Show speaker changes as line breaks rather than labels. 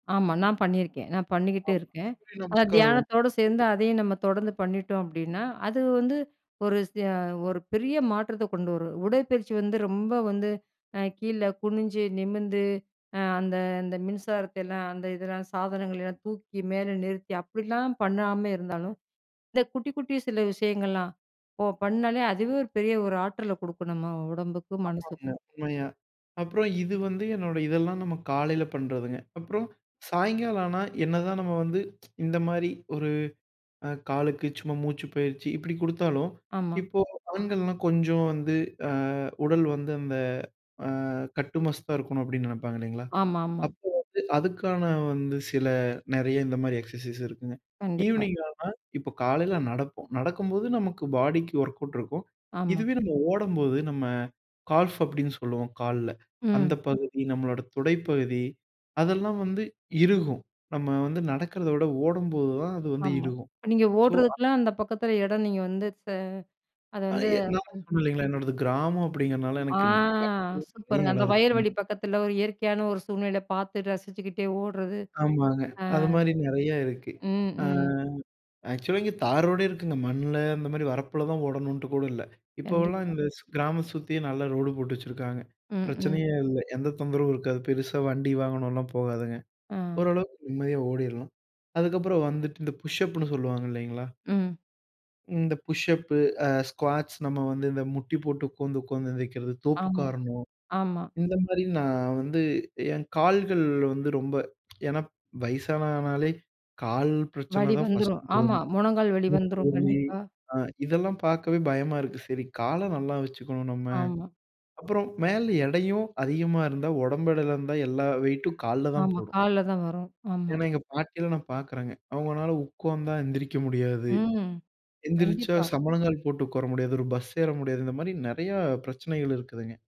ஆமா. நான் பண்ணிருக்கேன். நான் பண்ணிக்கிட்டு
ஆமா.
இருக்கேன்.
சூரிய
அந்த
நமஸ்காரம்.
தியானத்தோட சேர்ந்து, அதையும் நம்ம தொடர்ந்து பண்ணிட்டோம், அப்படின்னா, அது வந்து ஒரு விசய ஒரு பெரிய மாற்றத்த கொண்டு வரும். உடற்பயிற்சி வந்து ரொம்ப வந்து அ கீழ குனிஞ்சு, நிமிர்ந்து, அ அந்த அந்த மின்சாரத்தையெல்லாம், அந்த இதெல்லாம் சாதனங்கள எல்லாம் தூக்கி மேல நிறுத்தி, அப்பிடிலாம் பண்ணாம இருந்தாலும், இந்த குட்டி, குட்டி சில விஷயங்கள்லாம் ஓ பண்ணாலே, அதுவே ஒரு பெரிய ஒரு ஆற்றல குடுக்கும், நம்ம உடம்புக்கும்,
ஆமாங்க.
மனசுக்கும்.
உண்மையா. அப்புறம், இது வந்து என்னோட இதெல்லாம் நம்ம காலையில பண்றதுங்க. அப்புறம், சாயங்காலம் ஆனா, என்னதான் நம்ம வந்து இந்த மாரி ஒரு அ காலுக்கு சும்மா மூச்சு பயிற்சி இப்பிடி குடுத்தாலும்,
ஆமா.
இப்போ ஆண்கள்லாம் கொஞ்சம் வந்து அ உடல் வந்து அந்த அ கட்டுமஸ்தா இருக்கணும். அப்பிடின்னு நினைப்பாங்க, இல்லைங்களா?
ஆமாமா.
அப்போ வந்து அதுக்கான வந்து சில நிறைய இந்த மாரி எக்ஸர்சைஸ் இருக்குங்க.
கண்டிப்பா.
ஈவினிங் ஆனா, இப்போ காலைல நடப்போம். நடக்கும்போது நமக்கு பாடிக்கு ஒர்க்கவுட் இருக்கும்.
ஆமா.
இதுவே நம்ம ஓடம்போது, நம்ம கால்ஃப் அப்பிடீன்னு சொல்லுவோம், கால்ல. அந்த
ம்.
பகுதி நம்மளோட துடைப்பகுதி, அதெல்லாம் வந்து இறுகும். நம்ம வந்து நடக்கிறத விட ஓடும்போதுதான் அது வந்து
ஆமா.
இறுகும்.
இப்ப நீங்க
ஸோ, அ
ஓடுறதுக்குலாம், அந்த பக்கத்தில இடம், நீங்க வந்து ச அத
அது
வந்து
ஏன்னா,
அம்.
ஒண்ணுமில்லைங்க என்னோடது கிராமம் அப்படிங்கிறனால
ஆ
எனக்குன் பக்கம் நிறைய
சூப்பருங்க.
இடம்
அந்த
இருக்குங்க.
வயல்வெளி பக்கத்தில ஒரு இயற்கையான ஒரு சூழ்நிலை பார்த்து ரசிச்சுக்கிட்டே ஓடுறது.
ஆமாங்க.
அ.
அதுமாரி நிறையா இருக்கு.
ம்,
அ
ம்.
ஆக்சுவலா இங்க தாரோடே இருக்குங்க. மண்ல, அந்த மாரி வரப்பில தான் ஓடணுன்ட்டு கூட இல்ல. இப்போவெல்லாம்
கண்டிப்பா.
இந்த ஸ் கிராம சுத்தியே நல்ல ரோடு போட்டு வச்சுருக்காங்க.
ம், ம்.
பிரச்சனையே இல்ல. எந்த தொந்தரவும் இருக்காது. பெருசா வண்டி, வாகனம்லாம் போகாதுங்க.
அ.
ஓரளவுக்கு நிம்மதியா ஓடிரலாம். அதுக்கப்புறம் வந்துட்டு இந்த புஷ்ஷப்புன்னு சொல்லுவாங்க, இல்லைங்களா?
ம்.
இந்த புஷ்ஷப்பு அ ஸ்குவாட்ஸ் நம்ம வந்து இந்த முட்டி போட்டு உட்கார்ந்து, உட்கார்ந்து எந்திக்கிறது, தோப்பு
ஆமா.
கரணம்,
ஆமா.
இந்த மாரி நான் வந்து என் கால்கள் வந்து ரொம்ப ஏன்னா, வயசானானாலே கால் பிரச்சனை
வலி
தான் ஃபர்ஸ்ட்
வந்துரும்
வரும்.
ஆமா. மொனங்கால் வலி
மூட்டு
வந்துரும்.
வலி
கண்டிப்பா.
அ இதெல்லாம் பார்க்கவே பயமா இருக்கு. சரி, கால நல்லா வச்சுக்கணும், நம்ம.
ஆமா.
அப்பறம் மேல எடையும் அதிகமா இருந்தா, உடம்பு எடையில இருந்தா எல்லா வெயிட்டும் கால்ல தான்
ஆமா.
போடும்.
கால்ல தான் வரும். ஆமா.
ஏன்னா, எங்க பாட்டிலாம் நான் பார்க்குறேங்க. அவங்கனால உட்கார்ந்தா எந்திரிக்க முடியாது.
ம்.
எந்திரிச்சா,
கண்டிப்பா.
சம்பனங்கால் போட்டு உட்கார முடியாது. ஒரு பஸ் ஏற முடியாது. இந்த மாரி நிறையா பிரச்சனைகள் இருக்குதுங்க.